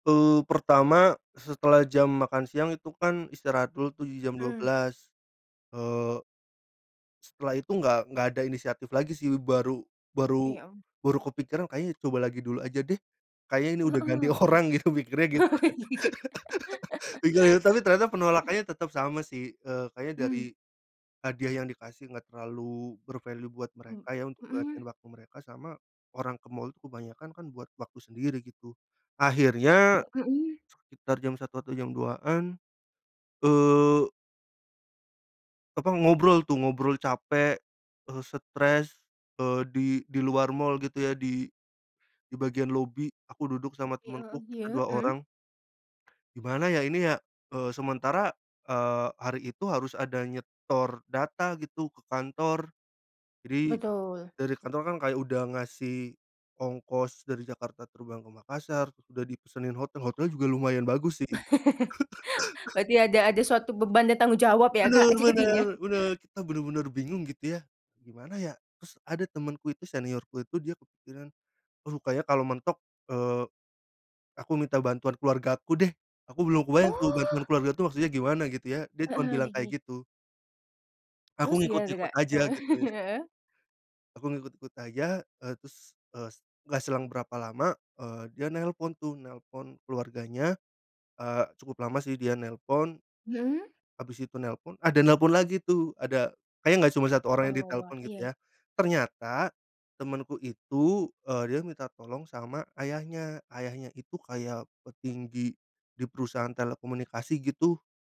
Eee, pertama, setelah jam makan siang itu kan istirahat dulu tuh di jam dua Mmm. belas, eee setelah itu enggak enggak ada inisiatif lagi sih, baru baru Oke, om. baru kepikiran, "Kayaknya coba lagi dulu aja deh. Kayaknya ini udah ganti Heeh, orang." oke. Gitu mikirnya gitu kan. Gila ya? Tapi ternyata penolakannya tetap sama sih, eee, kayaknya Mmm. dari hadiah yang dikasih enggak terlalu ber-value buat mereka ya untuk luangin Mhm. waktu mereka sama orang ke mal tuh kebanyakan kan buat waktu sendiri gitu. Akhirnya Mhm. sekitar jam 01:00 atau jam 02:00-an eee apa, ngobrol tuh, ngobrol capek, eee, stres, eee di di luar mal gitu ya, di bagian lobi. Aku duduk sama Oke, heeh, temanku, kita iya, dua mhm. orang, "Gimana ya ini ya?"Eee, sementara, eee, hari itu harus ada nyetor data gitu ke kantor. Jadi Betul. dari kantor kan kayak udah ngasih ongkos dari Jakarta terbang ke Makassar, udah dipesanin hotel, hotelnya juga lumayan bagus sih itu. Berarti ada ada suatu beban dan tanggung jawab ya, Benar Kak, benar jadinya? benar, kita benar-benar bingung gitu ya, "Gimana ya?" Terus ada temanku itu, seniorku itu, dia kepikiran "Aduh, kayaknya kalau mentok," eee, "aku minta bantuan keluarga aku deh." Aku belum kebayang tuh Oh. bantuan keluarga tuh maksudnya gimana gitu ya. Dia cuman Heeh, bilang gigih. kayak gitu. Aku Terus gimana tuh, ngikut-ngikut Kak? aja Heeh, gitu ya. heeh. Aku ngikut-ngikut aja, eee, terus, eee, s enggak selang berapa lama, eee, dia nelpon tuh, nelpon keluarganya, eee, cukup lama sih dia nelpon, Mhm. habis itu nelpon, ada nelpon lagi tuh, ada, kayaknya enggak cuma 1 orang Wah yang wah wah, ditelepon gitu iya i ya, ternyata temanku itu, eee, dia minta tolong sama ayahnya. Ayahnya itu kayak petinggi di perusahaan telekomunikasi gitu.